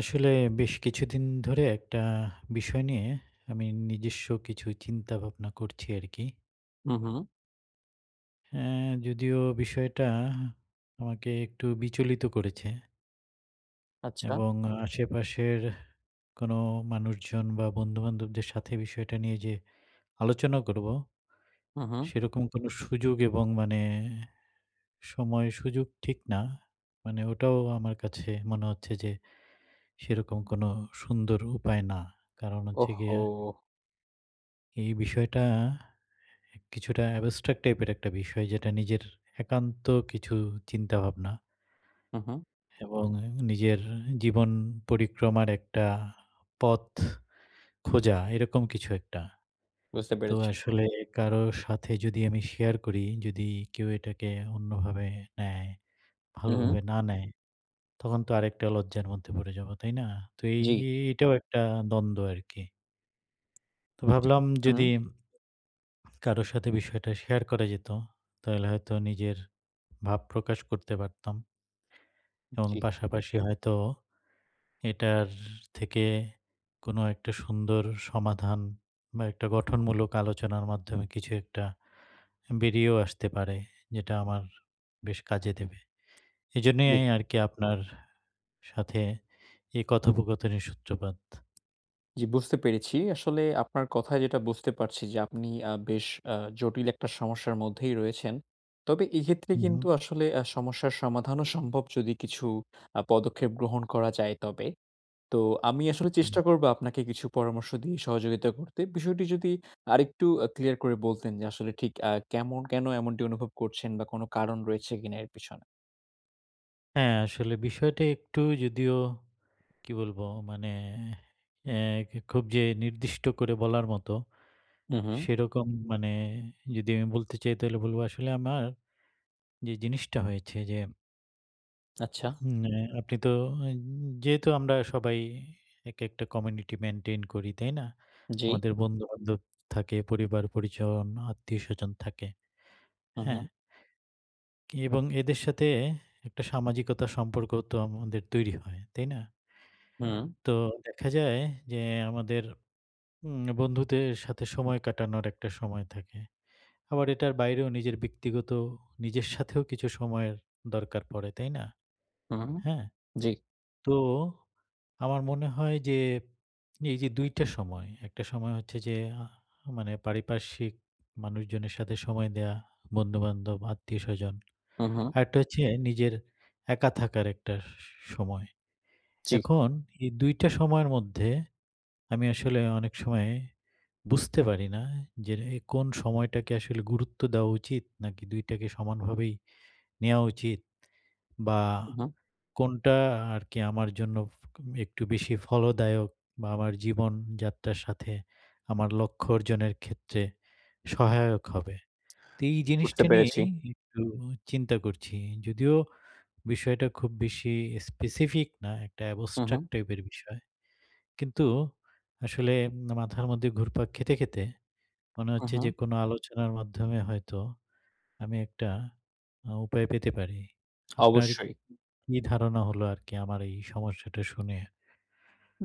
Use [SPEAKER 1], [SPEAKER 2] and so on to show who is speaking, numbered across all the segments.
[SPEAKER 1] আসলে বেশ কিছুদিন ধরে একটা বিষয় নিয়ে আমি নিজস্ব কিছু চিন্তা ভাবনা করছি আরকি।
[SPEAKER 2] হুঁ, হু।
[SPEAKER 1] হ্যাঁ, যদিও বিষয়টা আমাকে একটু বিচলিত করেছে।
[SPEAKER 2] আচ্ছা।
[SPEAKER 1] এবং আশেপাশের কোনো মানুষজন বা বন্ধুবান্ধবদের সাথে বিষয়টা নিয়ে যে আলোচনা করবো,
[SPEAKER 2] হুঁ, হু।
[SPEAKER 1] সেরকম কোনো সুযোগ এবং মানে সময় সুযোগ ঠিক না, মানে ওটাও আমার কাছে মনে হচ্ছে যে, সেরকম কোনো সুন্দর উপায় না। কারণ
[SPEAKER 2] ওহ
[SPEAKER 1] হচ্ছে
[SPEAKER 2] হো!
[SPEAKER 1] গিয়ে এই বিষয়টা কিছুটা abstract টাইপ এর একটা বিষয়, যেটা নিজের একান্ত কিছু চিন্তাভাবনা।
[SPEAKER 2] হুঁ, হু।
[SPEAKER 1] এবং নিজের জীবন পরিক্রমার একটা পথ খোঁজা, এরকম কিছু একটা।
[SPEAKER 2] বুঝতে
[SPEAKER 1] তো
[SPEAKER 2] পেরেছি।
[SPEAKER 1] আসলে কারো সাথে যদি আমি শেয়ার করি, যদি কেউ এটাকে অন্যভাবে নেয়,
[SPEAKER 2] হুঁ, হুঁ।
[SPEAKER 1] ভালোভাবে না নেয়, তখন তো আরেকটা লজ্জার মধ্যে পড়ে যাব, তাই না? তো এই
[SPEAKER 2] জি।
[SPEAKER 1] এ এটাও একটা দ্বন্দ্ব আরকি। তো ভাবলাম যদি,
[SPEAKER 2] হুম।
[SPEAKER 1] কারো সাথে বিষয়টা শেয়ার করা যেত, তাইলে হয়তো নিজের ভাব প্রকাশ করতে পারতাম। এবং
[SPEAKER 2] জি।
[SPEAKER 1] পাশাপাশি হয়তো এটার থেকে কোনো একটা সুন্দর সমাধান বা, একটা গঠনমূলক আলোচনার মাধ্যমে কিছু একটা বেরিয়েও আসতে পারে, যেটা আমার বেশ কাজে দেবে।
[SPEAKER 2] [unintelligible]
[SPEAKER 1] এইজন্যই আরকি আপনার সাথে এই কথোপকথনের সূত্রপাত।
[SPEAKER 2] জি, বুঝতে পেরেছি। আসলে আপনার কথায় যেটা বুঝতে পারছি যে আপনি আ বেশ আ জটিল একটা সমস্যার মধ্যেই রয়েছেন। তবে এক্ষেত্রে কিন্তু
[SPEAKER 1] উহুম।
[SPEAKER 2] আসলে আ সমস্যার সমাধানও সম্ভব যদি কিছু আ পদক্ষেপ গ্রহণ করা যায় তবে। তো আমি আসলে
[SPEAKER 1] হুম।
[SPEAKER 2] চেষ্টা করব আপনাকে কিছু পরামর্শ দিয়ে সহযোগিতা করতে। বিষয়টি যদি আরেকটু আ ক্লিয়ার করে বলতেন যে আসলে ঠিক আ কেমন, কেন এমনটি অনুভব করছেন বা, কোন কারণ রয়েছে কিনা এর পেছনে?
[SPEAKER 1] হ্যাঁ, আসলে বিষয়টা একটু যদিও, কি বলবো মানে, এ এ খুব যে নির্দিষ্ট করে বলার মতো,
[SPEAKER 2] উহুম।
[SPEAKER 1] সেরকম মানে যদি আমি বলতে চাই তাহলে বলবো আসলে আমার, যে জিনিসটা হয়েছে যে
[SPEAKER 2] আচ্ছা।
[SPEAKER 1] হুম, এ আপনি তো যেহেতু আমরা সবাই এক একটা কমিউনিটি মেইনটেইন করি। তাই না?
[SPEAKER 2] জি।
[SPEAKER 1] আমাদের বন্ধু-বান্ধব থাকে, পরিবার-পরিজন, আত্মীয়স্বজন থাকে।
[SPEAKER 2] হুম,
[SPEAKER 1] হ্যাঁ?
[SPEAKER 2] হুম।
[SPEAKER 1] এবং এদের সাথে একটা সামাজিকতা সম্পর্ক তো আমাদের তৈরি হয়। তাই না?
[SPEAKER 2] হুম।
[SPEAKER 1] তো দেখা যায় যে আমাদের উম বন্ধুদের সাথে সময় কাটানোর ১-টা সময় থাকে। আবার এটার বাইরেও নিজের ব্যক্তিগত নিজের সাথেও কিছু সময়ের দরকার পড়ে, তাই না?
[SPEAKER 2] হুম,
[SPEAKER 1] হ্যাঁ?
[SPEAKER 2] জি।
[SPEAKER 1] তো আমার মনে হয় যে এই যে ২-টা সময়। ১-টা সময় হচ্ছে যে মানে পারিপার্শ্বিক মানুষজনের সাথে সময় দেয়া বন্ধুবান্ধব, আত্মীয়স্বজন।
[SPEAKER 2] হুম, হুম।
[SPEAKER 1] আরেকটা হচ্ছে নিজের একা থাকার একটা স সময়।
[SPEAKER 2] জি।
[SPEAKER 1] এখন এই ২-টা সময়ের মধ্যে আমি আসলে অনেক সময় বুঝতে পারি না যে কোন সময়টাকে আসলে গুরুত্ব দেওয়া উচিত নাকি ২-টাকে সমানভাবেই নেওয়া উচিত বা,
[SPEAKER 2] হুম, হুম।
[SPEAKER 1] কোনটা আরকি আমার জন্য একটু বেশি ফলদায়ক বা, আমার জীবনযাত্রার সাথে আমার লক্ষ্য অর্জনের ক্ষেত্রে সহায়ক হবে। তো এই
[SPEAKER 2] বুঝতে
[SPEAKER 1] জিনিসটা
[SPEAKER 2] পেরেছি।
[SPEAKER 1] নিয়েই একটু চিন্তা করছি যদিও বিষয়টা খুব বেশি স্পেসিফিক না একটা
[SPEAKER 2] হুম, হুম।
[SPEAKER 1] abstract টাইপের বিষয়। কিন্তু আসলে মাথার মধ্যে ঘুরপাক খেতে, খেতে মনে
[SPEAKER 2] হুম,
[SPEAKER 1] হচ্ছে
[SPEAKER 2] হুম।
[SPEAKER 1] যে কোন আলোচনার মাধ্যমে হয়তো আমি একটা আ উপায় পেতে পারি। আপনার
[SPEAKER 2] অবশ্যই।
[SPEAKER 1] কি ধারণা হলো আরকি আমার এই সমস্যাটা শুনে?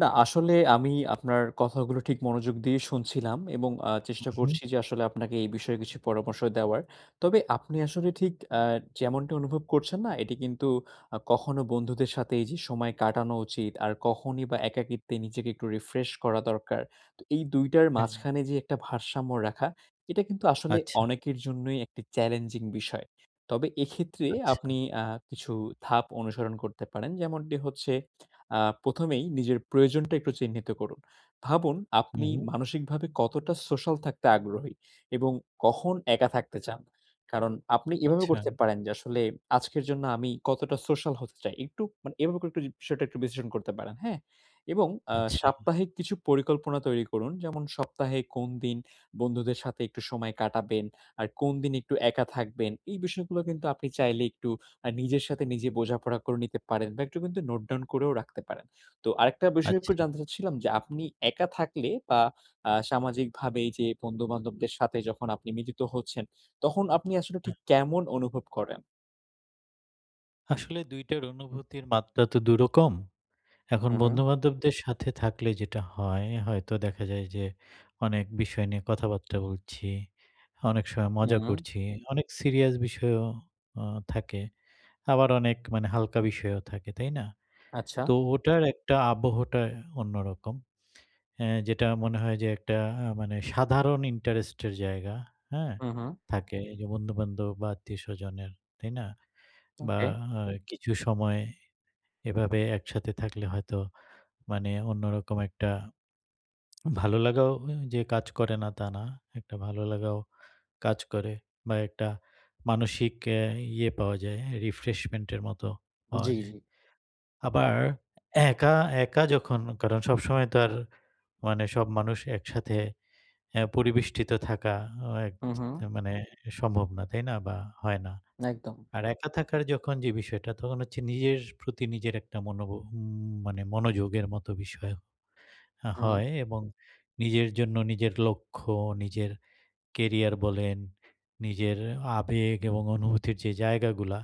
[SPEAKER 2] না আসলে আমি আপনার, কথাগুলো ঠিক মনোযোগ দিয়ে শুনছিলাম এবং আ
[SPEAKER 1] হুম,
[SPEAKER 2] চেষ্টা
[SPEAKER 1] হুম।
[SPEAKER 2] করছি যে আসলে আপনাকে এই বিষয়ে কিছু পরামর্শ দেওয়ার। তবে আপনি আসলে ঠিক অ্যা যেমনটা অনুভব করছেন না? এটি কিন্তু আ কখনো বন্ধুদের সাথে এই যে সময় কাটানো উচিত। আর কখনই বা, একাকিত্বে নিজেকে একটু রিফ্রেশ করা দরকার। তো এই দুইটার
[SPEAKER 1] হ্যাঁ।
[SPEAKER 2] মাঝখানে যে একটা ভারসাম্য রাখা এটা কিন্তু আসলে
[SPEAKER 1] আচ্ছা।
[SPEAKER 2] অনেকের জন্যই একটি চ্যালেঞ্জিং বিষয়। তবে এক্ষেত্রে
[SPEAKER 1] আচ্ছা।
[SPEAKER 2] আপনি আ কিছু ধাপ অনুসরণ করতে পারেন যেমনটি হচ্ছে আ প্রথমেই নিজের প্রয়োজনটা একটু চিহ্নিত করুন। ভাবুন
[SPEAKER 1] হুম,
[SPEAKER 2] আপনি
[SPEAKER 1] হুম।
[SPEAKER 2] মানসিকভাবে কতটা সোশ্যাল থাকতে আগ্রহী এবং কখন একা থাকতে চান? কারণ আপনি এভাবে
[SPEAKER 1] আচ্ছা।
[SPEAKER 2] করতে পারেন যে আসলে আজকের জন্য আমি কতটা সোশ্যাল হতে চাই। একটু মানে এভাবে করে একটু যদি বিষয়টা একটু বিশ্লেষণ করতে পারেন। হ্যাঁ? এবং আ
[SPEAKER 1] আচ্ছা।
[SPEAKER 2] সাপ্তাহিক কিছু পরিকল্পনা তৈরি করুন। যেমন সপ্তাহে কোন দিন বন্ধুদের সাথে একটু সময় কাটাবেন, আর কোন দিন একটু একা থাকবেন। এই বিষয়গুলো কিন্তু আপনি চাইলে একটু আ নিজের সাথে নিজে বোঝাপড়া করে নিতে পারেন বা, একটু কিন্তু নোট ডাউন করেও রাখতে পারেন। তো আরেকটা বিষয় একটু
[SPEAKER 1] আচ্ছা।
[SPEAKER 2] জানতে চাচ্ছিলাম যে আপনি একা থাকলে বা, আ সামাজিকভাবে যে বন্ধুবান্ধবদের সাথে যখন আপনি মিলিত হচ্ছেন তখন আপনি আসলে
[SPEAKER 1] হুম।
[SPEAKER 2] ঠিক কেমন অনুভব করেন?
[SPEAKER 1] আসলে ২ টার অনুভূতির মাত্রা তো ২ রকম। এখন
[SPEAKER 2] হুম, হুম।
[SPEAKER 1] বন্ধুবান্ধবদের সাথে থাকলে যেটা হয়, হয়তো দেখা যায় যে অনেক বিষয় নিয়ে কথাবার্তা বলছি। অনেক সময় মজা
[SPEAKER 2] হুম।
[SPEAKER 1] করছি। অনেক সিরিয়াস বিষয়ও আ থাকে। আবার অনেক মানে হালকা বিষয়ও থাকে, তাই না? তো
[SPEAKER 2] আচ্ছা।
[SPEAKER 1] ওটার একটা আবহাওয়াটা অন্যরকম। এ যেটা মনে হয় যে একটা আ মানে সাধারণ ইন্টারেস্ট এর জায়গা হ্যাঁ?
[SPEAKER 2] হুম, হুম।
[SPEAKER 1] থাকে এই যে বন্ধু-বান্ধব বা, আত্মীয়স্বজনের। তাই না? বা,
[SPEAKER 2] ওকে।
[SPEAKER 1] আ কিছু সময় এভাবে একসাথে থাকলে হয়তো মানে অন্যরকম একটা ভালো লাগাও যে কাজ করে না, তা না। একটা ভালো লাগাও কাজ করে বা, একটা মানসিক আ ইয়ে পাওয়া যায় রিফ্রেশমেন্টের মতো পাওয়া
[SPEAKER 2] জ্বী,
[SPEAKER 1] যায়।
[SPEAKER 2] জ্বী।
[SPEAKER 1] আবার একা, একা যখন কারণ সবসময় তো আর মানে সব মানুষ একসাথে আ পরিবেষ্টিত থাকা এক
[SPEAKER 2] হুম, হুম।
[SPEAKER 1] মানে সম্ভব না তাই না? বা, হয় না।
[SPEAKER 2] একদম।
[SPEAKER 1] আর একা থাকার যখন যে বিষয়টা তখন হচ্ছে নিজের প্রতি নিজের একটা মনোবো মানে মনোযোগের মতো বিষয়
[SPEAKER 2] হুম।
[SPEAKER 1] হয় এবং নিজের জন্য নিজের লক্ষ্য, নিজের কেরিয়ার বলেন, নিজের আবেগ এবং অনুভূতির যে জায়গাগুলা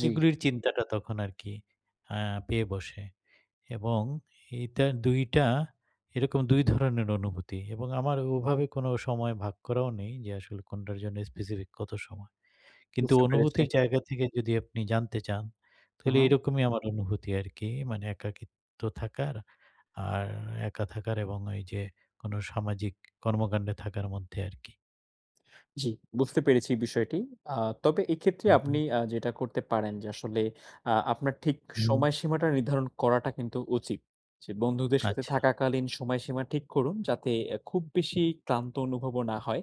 [SPEAKER 2] জ্বি।
[SPEAKER 1] এগুলির চিন্তাটা তখন আরকি আ পেয়ে বসে। এবং এইটা ২-টা এরকম ২ ধরনের অনুভূতি। এবং আমার ওভাবে কোন সময় ভাগ করাও নেই যে আসলে কোনটার জন্য স্পেসিফিক কত সময়। কিন্তু
[SPEAKER 2] বুঝতে পেরেছি।
[SPEAKER 1] অনুভূতির জায়গা থেকে যদি আপনি জানতে চান
[SPEAKER 2] হুম,
[SPEAKER 1] তাহলে
[SPEAKER 2] হুম।
[SPEAKER 1] এরকমই আমার অনুভূতি আরকি। মানে একাকিত্ব থাকার, আর একা থাকার এবং ওই যে কোন সামাজিক কর্মকাণ্ডে থাকার মধ্যে আরকি।
[SPEAKER 2] জি, বুঝতে পেরেছি বিষয়টি। আ তবে এক্ষেত্রে আপনি
[SPEAKER 1] উঁহু।
[SPEAKER 2] আ যেটা করতে পারেন যে, আসলে আ আপনার ঠিক
[SPEAKER 1] হুম।
[SPEAKER 2] সময়সীমাটা নির্ধারণ করাটা কিন্তু উচিত। যে, বন্ধুদের সাথে
[SPEAKER 1] আচ্ছা।
[SPEAKER 2] থাকাকালীন সময়সীমা ঠিক করুন, যাতে খুব বেশি ক্লান্ত অনুভবও না হয়।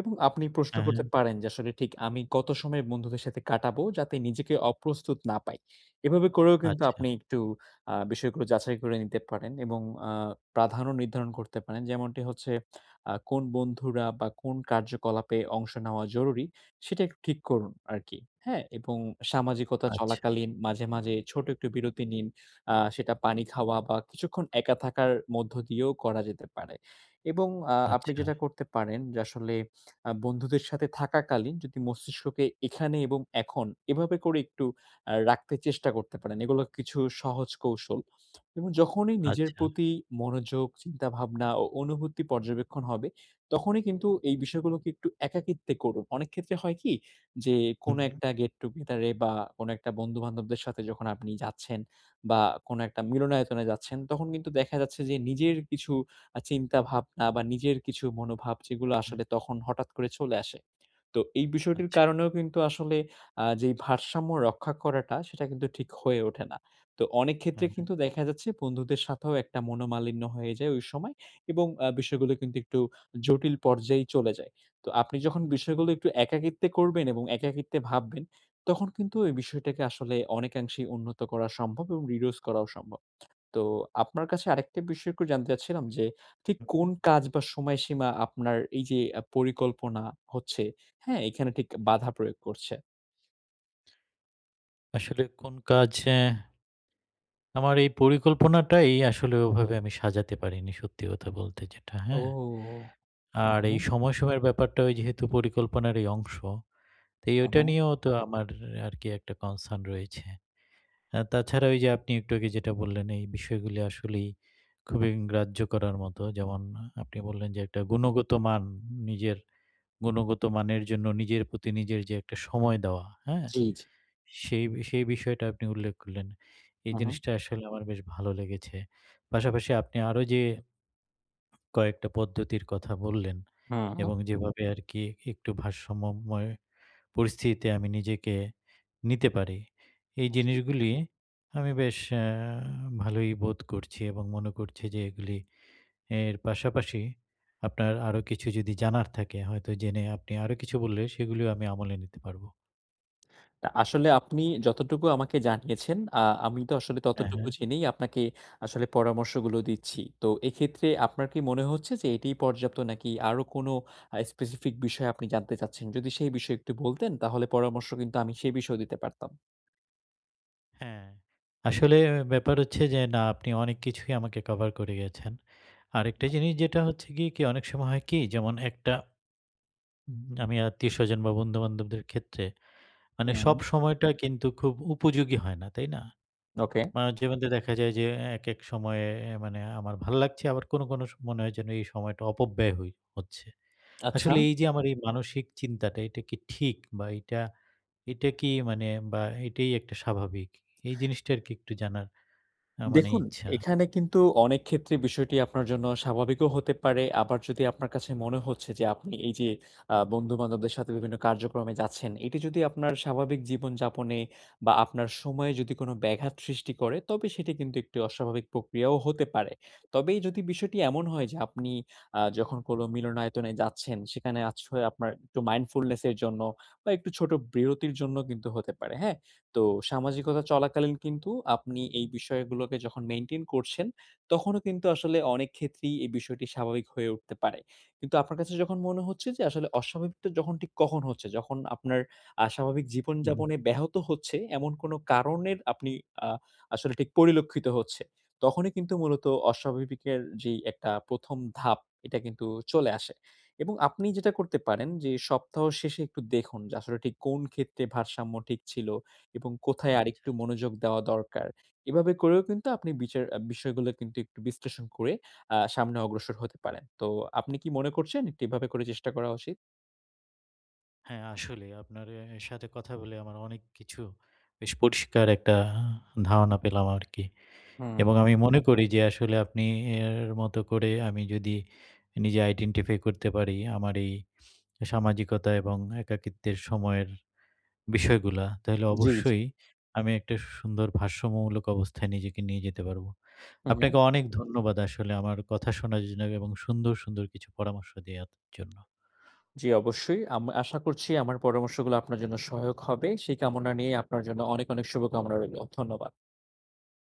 [SPEAKER 2] এবং আপনি প্রশ্ন
[SPEAKER 1] হ্যাঁ,
[SPEAKER 2] করতে
[SPEAKER 1] হ্যাঁ।
[SPEAKER 2] পারেন যে, আসলে ঠিক আমি কত সময় বন্ধুদের সাথে কাটাবো, যাতে নিজেকে অপ্রস্তুত না পাই। এভাবে করেও কিন্তু
[SPEAKER 1] আচ্ছা।
[SPEAKER 2] আপনি একটু আ বিষয়গুলো যাচাই করে নিতে পারেন এবং আ প্রাধান্য নির্ধারণ করতে পারেন। যেমনটি হচ্ছে, আ কোন বন্ধুরা বা কোন কার্যকলাপে অংশ নেওয়া জরুরি, সেটা একটু ঠিক করুন আরকি। হ্যাঁ? এবং সামাজিকতা
[SPEAKER 1] আচ্ছা।
[SPEAKER 2] চলাকালীন মাঝে, মাঝে ছোট একটু বিরতি নিন। আ সেটা পানি খাওয়া বা কিছুক্ষণ একা থাকার মধ্য দিয়েও করা যেতে পারে। এবং আ আপনি
[SPEAKER 1] আচ্ছা।
[SPEAKER 2] যেটা করতে পারেন যে, আসলে আ, বন্ধুদের সাথে থাকাকালীন যদি মস্তিষ্ককে এখানে এবং এখন এভাবে করে একটু আ রাখতে চেষ্টা করতে পারেন। এগুলো কিছু সহজ কৌশল। এবং যখনই নিজের
[SPEAKER 1] আচ্ছা।
[SPEAKER 2] প্রতি মনোযোগ, চিন্তাভাবনা ও অনুভূতি পর্যবেক্ষণ হবে, তখনই কিন্তু এই বিষয়গুলোকে একটু একাকিত্বে করুন। অনেক ক্ষেত্রে হয় কি যে, কোন
[SPEAKER 1] হুম, হু।
[SPEAKER 2] একটা গেট-টুগেদারে বা কোন একটা বন্ধু বান্ধবদের সাথে যখন আপনি যাচ্ছেন, বা কোন একটা মিলনায়তনে যাচ্ছেন, তখন কিন্তু দেখা যাচ্ছে যে, নিজের কিছু আ চিন্তাভাবনা বা নিজের কিছু মনোভাব, যেগুলো
[SPEAKER 1] হ্যাঁ, হু।
[SPEAKER 2] আসলে তখন হঠাৎ করে চলে আসে। তো এই বিষয়টির
[SPEAKER 1] আচ্ছা।
[SPEAKER 2] কারণেও কিন্তু আসলে আ যে ভারসাম্য রক্ষা করাটা, সেটা কিন্তু ঠিক হয়ে ওঠে না। তো অনেক
[SPEAKER 1] হু,
[SPEAKER 2] ক্ষেত্রে
[SPEAKER 1] হু।
[SPEAKER 2] কিন্তু দেখা যাচ্ছে, বন্ধুদের সাথেও একটা মনোমালিন্য হয়ে যায় ওই সময়। এবং আ বিষয়গুলো কিন্তু একটু জটিল পর্যায়ে চলে যায়। তো আপনি যখন বিষয়গুলো একটু একাকিত্বে করবেন এবং একাকিত্বে ভাববেন, তখন কিন্তু এই বিষয়টাকে আসলে অনেকাংশেই উন্নত করা সম্ভব এবং reduce করাও সম্ভব। তো আপনার কাছে আরেকটা বিষয় একটু জানতে চাচ্ছিলাম যে, ঠিক কোন
[SPEAKER 1] হু।
[SPEAKER 2] কাজ বা সময়সীমা আপনার এই যে পরিকল্পনা হচ্ছে, হ্যাঁ? এখানে ঠিক বাধা প্রয়োগ করছে?
[SPEAKER 1] আসলে কোন কাজ অ্যা আমার এই পরিকল্পনাটাই আসলে ওভাবে আমি সাজাতে পারিনি সত্যি কথা বলতে যেটা,
[SPEAKER 2] ও,
[SPEAKER 1] হ্যাঁ। আর
[SPEAKER 2] উম হু।
[SPEAKER 1] এই সময় সময়ের ব্যাপারটা ওই যেহেতু পরিকল্পনার এই অংশ। তো
[SPEAKER 2] হু,
[SPEAKER 1] ওটা
[SPEAKER 2] হু।
[SPEAKER 1] নিয়েও তো আমার আর কি একটা কনসার্ন রয়েছে। আ তাছাড়া ওই যে, আপনি একটু আগে যেটা বললেন এই বিষয়গুলো আসলেই খুবই গ্রাহ্য করার মতো, যেমন আপনি বললেন যে একটা গুণগত মান, নিজের গুণগত মানের জন্য নিজের প্রতি নিজের যে একটা সময় দেওয়া হ্যাঁ,
[SPEAKER 2] জি, জি।
[SPEAKER 1] সেই বি সেই বিষয়টা আপনি উল্লেখ করলেন। এই
[SPEAKER 2] হুঁ, হুঁ।
[SPEAKER 1] জিনিসটা আসলে আমার বেশ ভালো লেগেছে। পাশাপাশি আপনি আরো যে কয়েকটা পদ্ধতির কথা বললেন
[SPEAKER 2] হুম।
[SPEAKER 1] এবং যেভাবে আরকি একটু ভারসাম্যময় পরিস্থিতিতে আমি নিজেকে নিতে পারি। এই
[SPEAKER 2] হ্যাঁ, জি।
[SPEAKER 1] জিনিসগুলি আমি বেশ অ্যা ভালোই বোধ করছি এবং মনে করছি যে এগুলি, এর পাশাপাশি আপনার আরো কিছু যদি জানার থাকে, হয়তো জেনে আপনি আরো কিছু বললে সেগুলিও আমি আমলে নিতে পারব।
[SPEAKER 2] তা আসলে আপনি যতটুকু আমাকে জানিয়েছেন, আ আমি তো আসলে
[SPEAKER 1] হ্যাঁ,
[SPEAKER 2] ততটুকু
[SPEAKER 1] হ্যাঁ।
[SPEAKER 2] জেনেই আপনাকে আসলে পরামর্শগুলো দিচ্ছি। তো এক্ষেত্রে আপনার কি মনে হচ্ছে যে, এটিই পর্যাপ্ত নাকি আরো কোন আ specific বিষয় আপনি জানতে চাচ্ছেন? যদি সেই বিষয় একটু বলতেন তাহলে পরামর্শ কিন্তু আমি সেই বিষয়েও দিতে পারতাম।
[SPEAKER 1] হ্যাঁ। আসলে ব্যাপার হচ্ছে যে, না আপনি অনেক কিছুই আমাকে কভার করে গেছেন। আরেকটা জিনিস যেটা হচ্ছে গিয়ে অনেক সময় হয় কি যেমন একটা আমি আত্মীয়স্বজন বা বন্ধুবান্ধবদের ক্ষেত্রে, মানে সব
[SPEAKER 2] হুম।
[SPEAKER 1] সময়টা কিন্তু খুব উপযোগী হয় না, তাই না?
[SPEAKER 2] ওকে।
[SPEAKER 1] মানব জীবনতে দেখা যায় যে, এক, এক সময়ে এ্যা মানে আমার ভাল লাগছে আবার কোনো, কোনো মনে হয় যেন এই সময়টা অপব্যয় হই হচ্ছে।
[SPEAKER 2] আচ্ছা।
[SPEAKER 1] আসলে এই যে আমার এই মানসিক চিন্তাটা এটা কি ঠিক? বা এটা, এটা কি মানে বা এটাই একটা স্বাভাবিক? এই জিনিসটা আর কি একটু জানার অ্যা মানে
[SPEAKER 2] দেখুন,
[SPEAKER 1] ইচ্ছা।
[SPEAKER 2] এখানে কিন্তু অনেক ক্ষেত্রে বিষয়টি আপনার জন্য স্বাভাবিকও হতে পারে, আবার যদি আপনার কাছে মনে হচ্ছে যে, আপনি এই যে আ বন্ধুবান্ধবদের সাথে বিভিন্ন কার্যক্রমে যাচ্ছেন এটি যদি আপনার স্বাভাবিক জীবনযাপনে বা আপনার সময়ে যদি কোন ব্যাঘাত সৃষ্টি করে তবে সেটি কিন্তু একটি অস্বাভাবিক প্রক্রিয়াও হতে পারে। তবেই যদি বিষয়টি এমন হয় যে, আপনি আ যখন কোন মিলনায়তনে যাচ্ছেন, সেখানে আশ্রয় আপনার একটু mindfulness এর জন্য বা একটু ছোট বিরতির জন্য কিন্তু হতে পারে, হ্যাঁ। তো সামাজিকতা চলাকালীন কিন্তু আপনি এই বিষয়গুলোকে যখন মেইনটেইন করছেন, তখনও কিন্তু আসলে অনেক ক্ষেত্রেই এই বিষয়টি স্বাভাবিক হয়ে উঠতে পারে। কিন্তু আপনার কাছে যখন মনে হচ্ছে যে আসলে অস্বাভাবিকটা যখন ঠিক কখন হচ্ছে, যখন আপনার আস্বাভাবিক জীবন
[SPEAKER 1] উহু।
[SPEAKER 2] যাপনে ব্যাহত হচ্ছে, এমন কোন কারণের আপনি আ আসলে ঠিক পরিলক্ষিত হচ্ছে। তখনই কিন্তু মূলত অস্বাভাবিকের যেই একটা ১ম ধাপ এটা কিন্তু চলে আসে। এবং আপনি যেটা করতে পারেন যে সপ্তাহ শেষে একটু দেখুন, যে আসলে ঠিক কোন ক্ষেত্রে ভারসাম্য ঠিক ছিল এবং কোথায়
[SPEAKER 1] আচ্ছা,
[SPEAKER 2] আরেকটু
[SPEAKER 1] আচ্ছা।
[SPEAKER 2] মনোযোগ দেওয়া দরকার। এভাবে করেও কিন্তু আপনি বিচার বিষয়গুলো কিন্তু একটু বিশ্লেষণ করে আ সামনে অগ্রসর হতে পারেন। তো আপনি কি মনে করছেন একটু এভাবে করে চেষ্টা করা উচিত?
[SPEAKER 1] হ্যাঁ আসলে, আপনার এ্যা সাথে কথা বলে আমার অনেক কিছু বেশ পরিষ্কার একটা ধারণা পেলাম আরকি
[SPEAKER 2] হুম।
[SPEAKER 1] এবং আমি মনে করি যে আসলে আপনি এ্যা এর মতো করে আমি যদি, নিজে আইডেন্টিফাই করতে পারি আমার এই সামাজিকতা এবং একাকিত্বের সময়ের বিষয়গুলা, তাহলে
[SPEAKER 2] জি, জি।
[SPEAKER 1] অবশ্যই আমি একটা সুন্দর ভারসাম্যমূলক অবস্থায় নিজেকে নিয়ে যেতে পারবো।
[SPEAKER 2] হুম, হুম।
[SPEAKER 1] আপনাকে অনেক ধন্যবাদ আসলে আমার কথা শোনার জন্য এবং সুন্দর, সুন্দর কিছু পরামর্শ দেওয়ার জন্য।
[SPEAKER 2] জ্বি, অবশ্যই। আম আশা করছি আমার পরামর্শগুলো আপনার জন্য সহায়ক হবে। সেই কামনা নিয়েই আপনার জন্য অনেক, অনেক শুভকামনা রইলো। ধন্যবাদ।